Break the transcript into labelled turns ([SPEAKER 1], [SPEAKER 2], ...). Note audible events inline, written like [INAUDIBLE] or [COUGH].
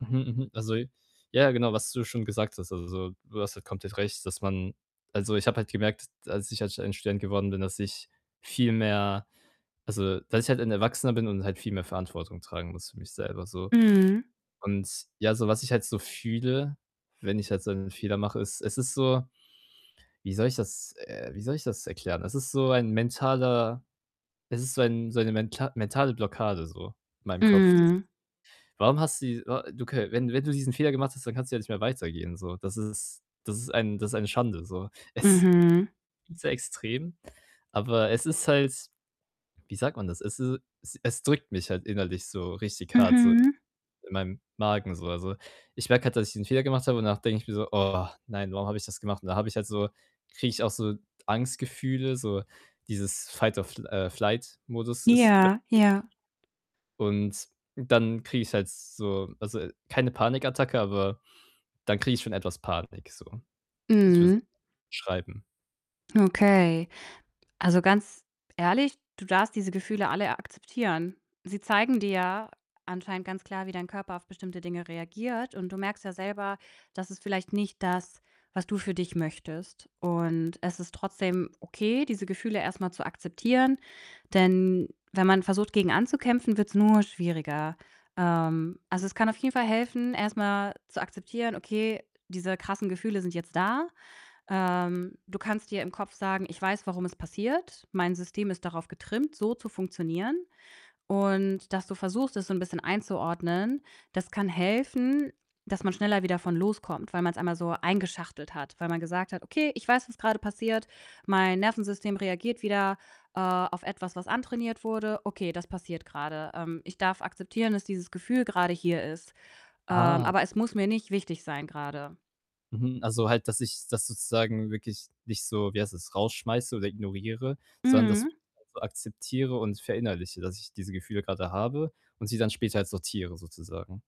[SPEAKER 1] Mhm, mhm. Also ja, genau, was du schon gesagt hast. Also, du hast halt komplett recht, dass man also, ich habe halt gemerkt, dass ich halt ein Student geworden bin, dass ich viel mehr also, dass ich halt ein Erwachsener bin und halt viel mehr Verantwortung tragen muss für mich selber, so
[SPEAKER 2] Mhm.
[SPEAKER 1] und, ja, so was ich halt so fühle, wenn ich halt so 'n Fehler mache, ist es ist so, wie soll ich das, äh wie soll ich das erklären? Es ist so ein mentaler es ist so ein so eine menta mentale Blockade so, in meinem Kopf.
[SPEAKER 2] Mhm.
[SPEAKER 1] Warum hast die wa du kö wenn wenn du diesen Fehler gemacht hast, dann kannst du ja nicht mehr weitergehen, so. Das ist das ist ein das ist eine Schande, so. Es
[SPEAKER 2] Mhm.
[SPEAKER 1] ist so extrem, aber es ist halt wie sagt man das? Es is e es drückt mich halt innerlich, so richtig hart, so, ja,
[SPEAKER 2] Mhm.
[SPEAKER 1] in meinem Magen, so. Also, ich merke halt, dass ich diesen Fehler gemacht habe und danach denke ich mir so: „Oh, nein, warum habe ich das gemacht?“ Und da habe ich halt so kriege ich auch so Angstgefühle, so dieses Fight or fl äh, Flight Modus ist [UNINTELLIGIBLE]
[SPEAKER 2] Ja, ja.
[SPEAKER 1] Und dann kriege ich halt so also, keine Panikattacke, aber dann kriege ich schon etwas Panik, so. [UNINTELLIGIBLE]
[SPEAKER 2] Mhm.
[SPEAKER 1] schreiben.
[SPEAKER 2] Okay. Also, ganz ehrlich, du darfst diese Gefühle alle akzeptieren. Sie zeigen dir ja, anscheinend ganz klar, wie dein Körper auf bestimmte Dinge reagiert und du merkst ja selber, das ist vielleicht nicht das, was du für dich möchtest und es ist trotzdem okay, diese Gefühle erst mal zu akzeptieren. Denn wenn man versucht, gegen anzukämpfen, wird 's nur schwieriger. Ähm, also, es kann auf jeden Fall helfen, erst mal zu akzeptieren: „Okay, diese krassen Gefühle sind jetzt da.“ Ähm, du kannst dir im Kopf sagen: „Ich weiß, warum es passiert. Mein System ist darauf getrimmt, so zu funktionieren.“ Und dass du versuchst, es so 'n bisschen einzuordnen, das kann helfen, dass man schneller wieder von loskommt, weil man's einmal so eingeschachtelt hat, weil man gesagt hat: „Okay, ich weiß, was grade passiert. Mein Nervensystem reagiert wieder, äh, auf etwas, was antrainiert wurde. Okay, das passiert grade. Ähm, ich darf akzeptieren, dass dieses Gefühl grade hier ist, ähm,
[SPEAKER 1] Ah.
[SPEAKER 2] aber es muss mir nicht wichtig sein grade.“
[SPEAKER 1] Mhm. Also, halt, dass ich das sozusagen wirklich nicht so, wie heißt das, rausschmeiße oder ignoriere, sondern das
[SPEAKER 2] Mhm.
[SPEAKER 1] [UNINTELLIGIBLE] akzeptiere und verinnerliche, dass ich diese Gefühle grade habe und sie dann später halt sortiere, sozusagen.